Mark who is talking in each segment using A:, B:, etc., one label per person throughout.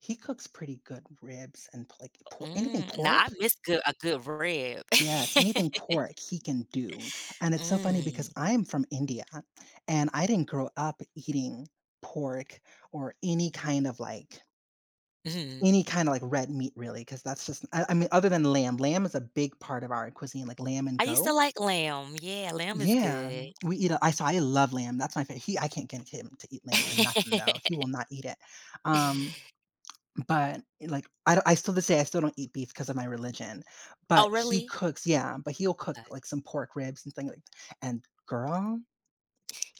A: He cooks pretty good ribs and p like,
B: Uh,
A: por anything
B: mm, now, I
A: pork.
B: missed good a good rib.
A: Yes, anything pork he can do, and it's so funny because
B: Mm.
A: I'm from India I and I didn't grow up eating pork or any kind of like
B: Mhm.
A: Any kinda, like, red meat really, 'cause that's just I I mean, other than lamb lamb is a big part of our cuisine, like, lamb and
B: I used to
A: goat.
B: like lamb, yeah, lamb is
A: Yeah,
B: good.
A: we eat, uh, I so, I love lamb. That's my fa he, I can't get him to eat lamb for nothing though. He will not eat it, um, but, like, I d I still this day I still don't eat beef 'cause of my religion, but
B: Oh,
A: he
B: really?
A: cooks Yeah, but he'll cook,
B: Okay.
A: like, some pork ribs, and things, like, and girl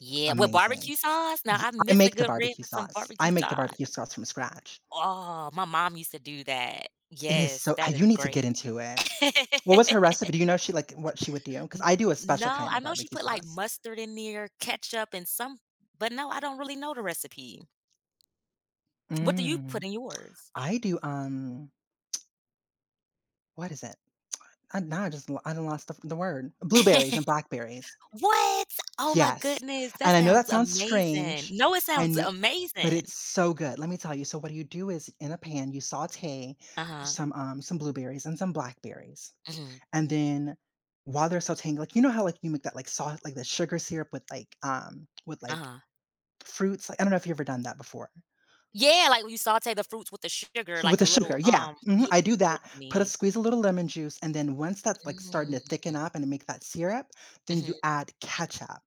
B: Yeah, with
A: Amazing,
B: barbecue sauce, now
A: y
B: I
A: I
B: miss a
A: make the
B: good rib
A: barbecue
B: with some
A: sauce.
B: barbecue
A: I make the
B: sauce.
A: barbecue sauce from scratch.
B: Oh, my mom used to do that.
A: It is,
B: Yes,
A: so
B: that is
A: you need to
B: great.
A: get into it. What was her recipe
B: N
A: do you know if she like, what she would do? 'Cause I do a special
B: no,
A: kind
B: I
A: of
B: know she
A: barbecue
B: put, like,
A: sauce.
B: mustard in there, ketchup, and some but no, I don't really know the recipe. What do you put
A: Mm,
B: in yours?
A: I do, um What is it? Uh, now I just, lo I done lost the f the word blueberries and blackberries.
B: What? Oh my
A: Yes,
B: goodness, that
A: and I know
B: sounds
A: that sounds
B: amazing.
A: strange,
B: No, it
A: I
B: sounds
A: kn but
B: amazing.
A: it's so good. Let me tell you, so, what you do is in a pan, you saute
B: Uh-huh.
A: some um, some blueberries, and some blackberries,
B: Mhm.
A: and then while they're sauteing, like you know how, like, you make that, like sauce, like, the sugar syrup with, like, um, with, like,
B: Uh-huh.
A: fruits li I don't know if you've ever done that before.
B: Yeah, like, when you saute the fruits with the sugar,
A: So, with
B: like, a
A: the
B: little
A: sugar, yeah,
B: um
A: mhm,
B: Y
A: I do
B: what
A: that,
B: you
A: put a
B: mean.
A: squeeze a little lemon juice, and then once that's, like, starting
B: Mm.
A: to thicken up, and to make that syrup, then you
B: Mhm.
A: add ketchup.